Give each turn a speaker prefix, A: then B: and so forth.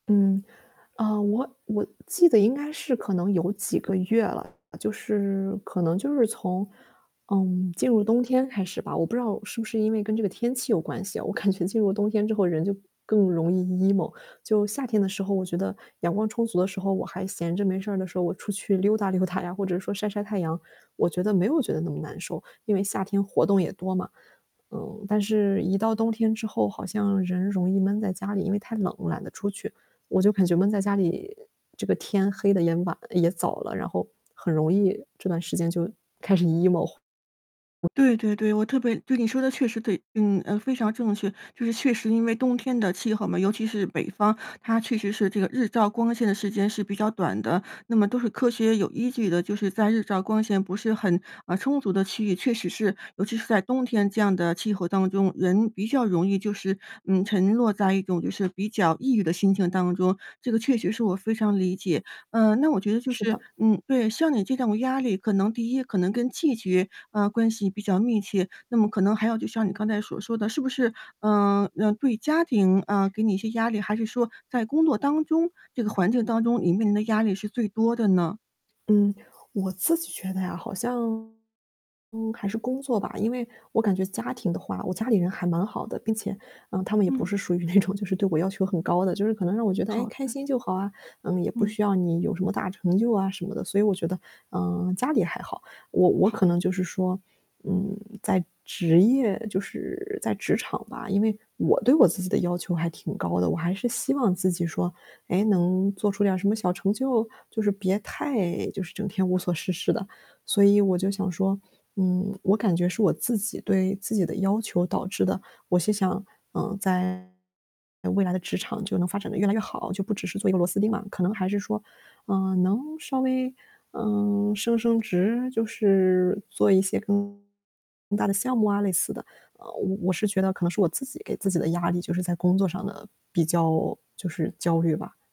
A: 嗯，啊，我我记得应该是可能有几个月了，就是可能就是从，嗯，进入冬天开始吧，我不知道是不是因为跟这个天气有关系啊，我感觉进入冬天之后人就更容易 emo。就夏天的时候，我觉得阳光充足的时候，我还闲着没事儿的时候，我出去溜达溜达呀，或者说晒晒太阳，我觉得没有觉得那么难受，因为夏天活动也多嘛。嗯，但是一到冬天之后好像人容易闷在家里，因为太冷了懒得出去，我就感觉闷在家里，这个天黑得也晚也早了，然后很容易这段时间就开始 emo。
B: 对对对，我特别对，你说得确实对，嗯，非常正确，就是确实因为冬天的气候嘛，尤其是北方，它确实是这个日照光线的时间是比较短的。那么都是科学有依据的，就是在日照光线不是很，啊，充足的区域，确实是尤其是在冬天这样的气候当中，人比较容易就是，嗯，沉落在一种就是比较抑郁的心情当中，这个确实是我非常理解。嗯，那我觉得就
A: 是
B: 是
A: 的。
B: 嗯，对，像你这种压力可能第一，可能跟季节，啊，关系比较密切，那么可能还有就像你刚才所说的，是不是，嗯，呃，对，家庭，嗯，给你一些压力？还是说在工作当中这个环境当中，你面临的压力是最多的呢？
A: 嗯，我自己觉得呀，好像，嗯，还是工作吧。因为，我感觉家庭的话，我家里人还蛮好的，并且，嗯，他们也不
B: 嗯。
A: 是属于那种就是对我要求很高的，就是可能让我觉得，“哎，
B: 好
A: 开
B: 的。
A: 心就好啊，嗯，也不
B: 嗯。
A: 需要你有什么大成就啊”什么的。所以我觉得，嗯，家里还好，我我
B: 好。
A: 可能就是说，嗯，在职业就是在职场吧，因为，我对我自己的要求还挺高的，我还是希望自己说，哎，能做出点儿什么小成就，就是别太就是整天无所事事的。所以我就想说，嗯，我感觉是我自己对自己的要求导致的，我是想，嗯，在未来的职场就能发展得越来越好，就不只是做一个螺丝钉嘛，可能还是说，嗯，能稍微，嗯，升升职，就是做一些更大的项目啊，类似的。呃，我我是觉得可能是我自己给自己的压力就是在工作上的比较就是焦虑吧。